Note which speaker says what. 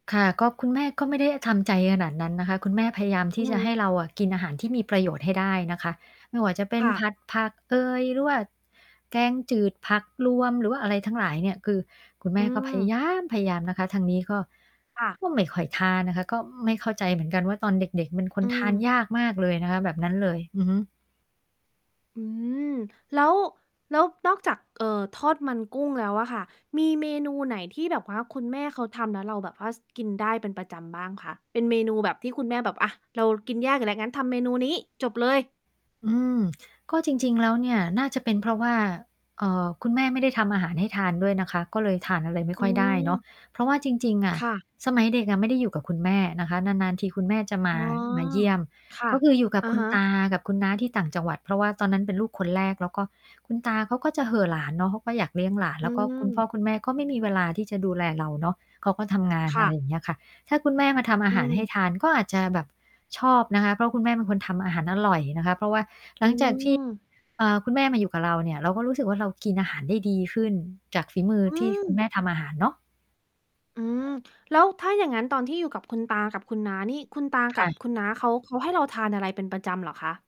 Speaker 1: ค่ะ ก็ คุณแม่ก็ไม่ได้ทำใจขนาดนั้นนะคะ คุณแม่พยายามท
Speaker 2: อื
Speaker 1: ี่
Speaker 2: อ
Speaker 1: จะ
Speaker 2: ฮ
Speaker 1: ให้
Speaker 2: ึ
Speaker 1: เราอะกินอาหารที่มีประโยชน์ให้ได้นะคะ ไม่ว่าจะเป็น
Speaker 2: ค่
Speaker 1: ผ
Speaker 2: ะ
Speaker 1: ัดผักเอย หรือว่า แกงจืดผักรวม หรือว่าอะไรทั้งหลายเนี่ย คือคุณแม
Speaker 2: อื
Speaker 1: ่ก็พยา
Speaker 2: ม
Speaker 1: ย้ามพยายามนะคะ ทางนี้ก็
Speaker 2: ค่ะ
Speaker 1: ก็ไม่ค่อยทานนะคะ ก็ไม่เข้าใจเหมือนกันว่า ตอนเด็ก ๆ เป็นค
Speaker 2: อ
Speaker 1: น
Speaker 2: ื
Speaker 1: ทาน
Speaker 2: ม
Speaker 1: ยากมากเลยนะคะ แบบนั้นเลย อือฮึ
Speaker 2: อืม แล้ว แล้วนอกจาก เอ่อ ทอดมันกุ้งแล้วอะค่ะ มีเมนูไหนที่แบบว่าคุณแม่เขาทำแล้วเราแบบว่า ส กินได้เป็นประจำบ้างคะ? เป็นเมนูแบบที่คุณแม่แบบ "อะ เรากินแยกอยู่แล้ว งั้นทำเมนูนี้" จบเลย
Speaker 1: อืม ก็จริง ๆ แล้วเนี่ยน่าจะเป็นเพราะว่า เอ่อ คุณแม่ไม่ได้ทำอาหารให้ทานด้วยนะคะ ก็เลยทานอะไรไม่
Speaker 2: อื
Speaker 1: ค่อยได้เนาะ
Speaker 2: ม
Speaker 1: เพราะว่าจริง ๆ อะ
Speaker 2: ค่ะ
Speaker 1: สมัยเด็กอะไม่ได้อยู่กับคุณแม่นะคะ นาน ๆ ทีคุณแม่จะมา
Speaker 2: อ๋อ
Speaker 1: มาเยี่ยม
Speaker 2: ค่ะ
Speaker 1: ก็คืออยู่กับ
Speaker 2: อะ
Speaker 1: คุณ
Speaker 2: ฮะ
Speaker 1: ตากับคุณน้าที่ต่างจังหวัด เพราะว่าตอนนั้นเป็นลูกคนแรก แล้วก็คุณตาเขาก็จะเห่อหลานเนาะ เขาก็อยากเลี้ยงหลาน
Speaker 2: อ
Speaker 1: แล้วก็คุณพ่
Speaker 2: ืม
Speaker 1: อคุณแม่ก็ไม่มีเวลาที่จะดูแลเราเนาะ เขาก็ทำงาน
Speaker 2: ค
Speaker 1: อ
Speaker 2: ่
Speaker 1: ะไร
Speaker 2: ะ
Speaker 1: อย่างเงี้ยค่ะ ถ้าคุณแม่มาทำอา
Speaker 2: อื
Speaker 1: หารให
Speaker 2: ม
Speaker 1: ้ทาน ก็อาจจะแบบชอบนะคะ เพราะคุณแม่เป็นคนทำอาหารอร่อยนะคะ เพราะว่าห
Speaker 2: อ
Speaker 1: ลั
Speaker 2: ื
Speaker 1: งจากที่
Speaker 2: ม
Speaker 1: เอ่อ คุณแม่มาอยู่กับเราเนี่ย เราก็รู้สึกว่า เรากินอาหารได้ดีขึ้น จากฝีมือ
Speaker 2: อื
Speaker 1: ที่คุณแม
Speaker 2: ม
Speaker 1: ่ทำอาหารเนาะ
Speaker 2: อืม แล้วถ้าอย่างงั้น ตอนที่อยู่กับคุณตากับคุณน้านี่ คุณตา
Speaker 1: ค
Speaker 2: กั
Speaker 1: ่
Speaker 2: บ
Speaker 1: ะ
Speaker 2: คุณน้าเขา เขาให้เราทานอะไรเป็น ประจำเหรอคะ?